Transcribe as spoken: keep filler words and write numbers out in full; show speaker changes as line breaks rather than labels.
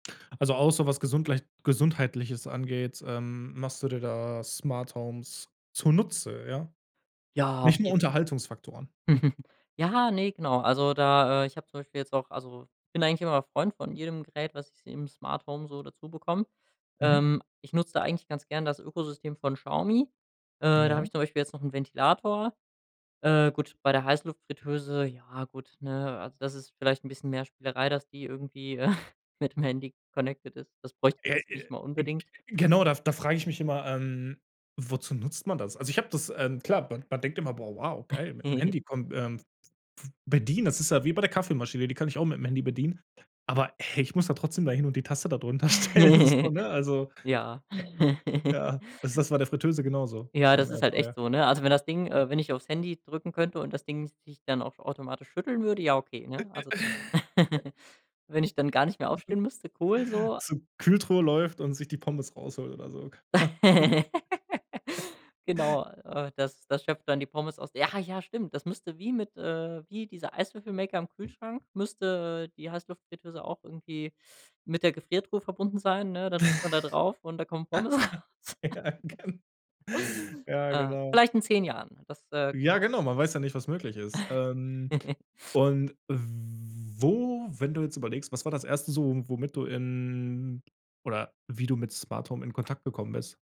A außer was gesundglei Gesundheitliches angeht, ähm, machst du dir da Smarthomes zunutze, ja?
Ja, auf
Nicht nur
jeden
Unterhaltungsfaktoren? Hm.
Ja, ne, genau, also da, äh, ich habe zum Beispiel jetzt auch also, ich bin eigentlich immer Freund von jedem Gerät, was ich im Smarthome so dazubekomme,
Mhm.
ähm, ich nutze da eigentlich ganz gern das Ökosystem von Xiaomi, äh, da habe
Ja.
ich zum Beispiel jetzt noch 'n Ventilator. Äh, gut, bei der Heißluftfritteuse, ja gut, ne, also, das ist vielleicht 'n bisschen mehr Spielerei, dass die irgendwie mit dem Handy connected ist. Das bräuchte
Ja,
man
äh,
jetzt nicht mal
g g
unbedingt.
genau, da da frage ich mich immer, ähm, wozu nutzt man das? Also, ich habe das, ähm, klar man man denkt immer: „Boah, wow, geil, mit'm Handy komm ähm, bedienen”, das ist ja wie bei der Kaffeemaschine, die kann ich auch mit'm Handy bedienen, aber, hey, ich muss da trotzdem da hin und die Tasse da drunter stellen, so, ne? Also
Ja.
ja? Ja, also das ist bei der Fritteuse genauso,
Ja,
beim
das ist halt echt
Airfryer,
so, ne, also, wenn das Ding
ne?
äh, wenn ich aufs Handy drücken könnte und das Ding sich dann auch automatisch schütteln würde, ja okay, ne, also wenn ich dann gar nicht mehr aufstehen müsste, cool so
So, Kühltruhe läuft und sich die Pommes rausholt oder so.
Genau, äh, das das schöpft dann die Pommes aus ja, ja, stimmt, das müsste wie mit äh, wie dieser Eiswürfelmaker am Kühlschrank müsste die Heißluftfritteuse auch irgendwie mit der Gefriertruhe verbunden sein, ne, dann drückt man da drauf und da kommen Pommes raus.
Ja, gen Ja,
Äh,
genau.
vielleicht in zehn Jahren, das äh,
Ja,
genau.
genau, man weiß ja nicht, was möglich ist, ähm, und wo, wenn du jetzt überlegst, was war das Erste so, womit du in, oder wie du mit Smarthome in Kontakt gekommen bist?